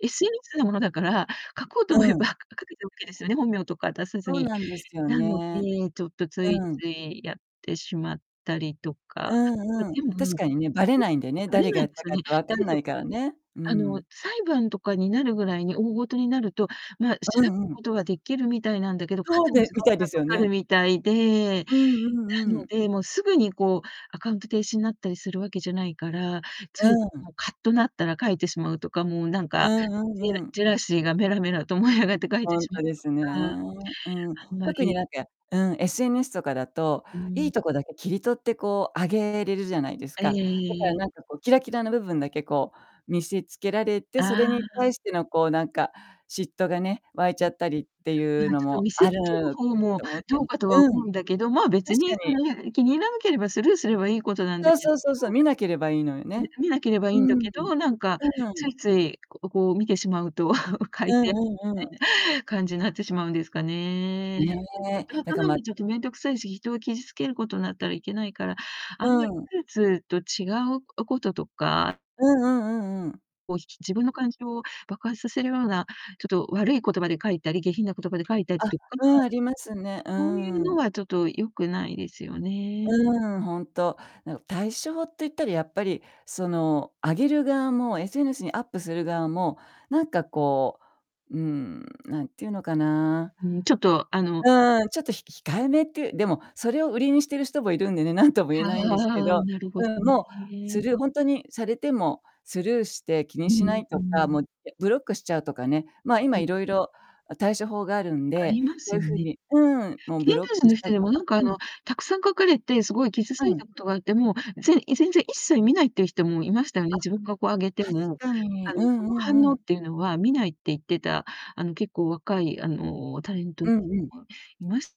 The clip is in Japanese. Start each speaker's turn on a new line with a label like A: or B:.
A: SNS のものだから、書こうと
B: う
A: 思えば
B: ん。
A: 書けてオッケーですよね、本名とか出さず
B: そう
A: に。
B: なんですよ
A: なの
B: ね。
A: で、ちょっと、つい
B: うん。
A: ついやってしまったりと
B: う
A: か。ま、
B: んうん。
A: でも、ん
B: 確かにね、ばれないんだよね、
A: ばれ
B: 誰
A: な
B: が
A: いん
B: やっ
A: で
B: た
A: すよ
B: かっ
A: ね。
B: て分
A: だ
B: かん
A: け
B: な
A: ど、
B: いからね。うー
A: あの、
B: ん。
A: 裁判とかになるぐらいに大事になると、ま、調
B: あ、う
A: べる
B: んうん。
A: ことは出来るみたいなんだけど、か
B: そう
A: なり
B: で
A: 時
B: み
A: 間
B: たいで
A: が
B: す
A: か
B: よ
A: かる
B: ね。
A: みたいで。
B: うんう
A: な
B: んう
A: の
B: ん。
A: で、もう、すぐに、こう、アカウント停止になったりするわけじゃないから、つ
B: う
A: い、
B: ん。
A: もうカッとなったら書いてしまうとか、もう、なん
B: う
A: か、
B: んう
A: ジェ
B: ん
A: ラ
B: うん。
A: ジェラシーがメラメラと燃え上がって書いて
B: ほん
A: しまう
B: とで
A: と
B: すね。
A: か。
B: うん。
A: あんま
B: 特に、
A: り
B: なんかうん、SNS とかだと、
A: うー
B: い
A: ん。
B: いとこだけ切り取って、こう、あげれるじゃないです
A: あ、やや、
B: か。
A: い
B: だか
A: え
B: ら、
A: い
B: なんか、こう、キラキラの部分だけ、こう、見せつけられて、そ
A: あ
B: れに
A: あ、う。
B: 対しての、こう、なんか、嫉妬がね、湧いち
A: うん。
B: ゃったりってい
A: ま
B: う
A: あ、
B: の
A: ちょっと
B: も
A: 見せ
B: あ
A: つける
B: る
A: 方も
B: と思うけ
A: ど
B: んう
A: うかとは
B: ん。
A: 思
B: 確
A: うんだけど、まあ、別に
B: か
A: そ
B: に。
A: れ、気に入らなければスルーすればいいことなんだ
B: そう
A: け
B: そ
A: ど。
B: うそうそう、見なければいいのよ
A: み
B: ね。
A: 見なければ
B: うー
A: いん
B: ん。
A: だ
B: うん
A: けど、なんか、
B: うん
A: つ
B: うん。
A: いつい、ここう、見てしまうと 書
B: う
A: いて、み
B: んうんうん。
A: たいな感じになってしまうんですかね。
B: ねえ。だか、
A: の
B: ま
A: 見ちゃうと面倒くさいし、人を傷つけることなったらいけないから、
B: う
A: あんまり
B: ん。
A: ツーツーと違うおこととか
B: うんうんうんうん。
A: もし、ち自分の感情を爆発させるような、ちょっと悪い言葉で書いたり、下品な言葉で書いたり
B: あ、
A: とか、
B: うん、ありますね。う
A: そういう
B: ー
A: の
B: ん。
A: はちょっと良くないですよね。
B: うーん、ほんと。なんか、対象って言ったらやっぱり、その、あげる側も SNS にアップする側も、なんか、こう、うーん、なんていうのかな
A: ううーん、ちょっと、あの
B: うーん、ちょっとひ控えめっていうでも、それを売りにしている人もいるんでね、何とも言え
A: あ
B: ないんですけ
A: あ、
B: ど。
A: なるほ
B: う
A: ど
B: ん、もう、
A: ね。
B: スルーほんとにされても、スルーして気に
A: う
B: しな
A: ん、
B: い
A: う
B: とか、
A: ん。
B: もう、せブロックしちゃうとかね、まあ、今
A: うん。
B: いろいろ、あ、対処法があるん
A: あ
B: で、
A: りま
B: そう
A: す
B: い
A: よ
B: う風
A: ね。
B: にうーん、もう
A: 芸
B: ブ
A: 能
B: ロッ
A: 人
B: ク
A: の
B: した
A: 人
B: り
A: で
B: と
A: も、
B: か
A: なんか、あ
B: うん。
A: の、たくさん書かれて、すごい傷つ
B: う
A: い
B: ん。
A: たことがあって、もう、ぜんい全然一切見ないっていう人もいましたよね。
B: あ、
A: 自分がこう上げて
B: 確
A: も、
B: かに。
A: あ
B: う
A: の、そ
B: んう
A: の反
B: んう
A: 応っ
B: ん。
A: ていうのは見ないって言ってた、あの、結構若い、あの、タレント
B: う
A: は
B: んうん。
A: いまし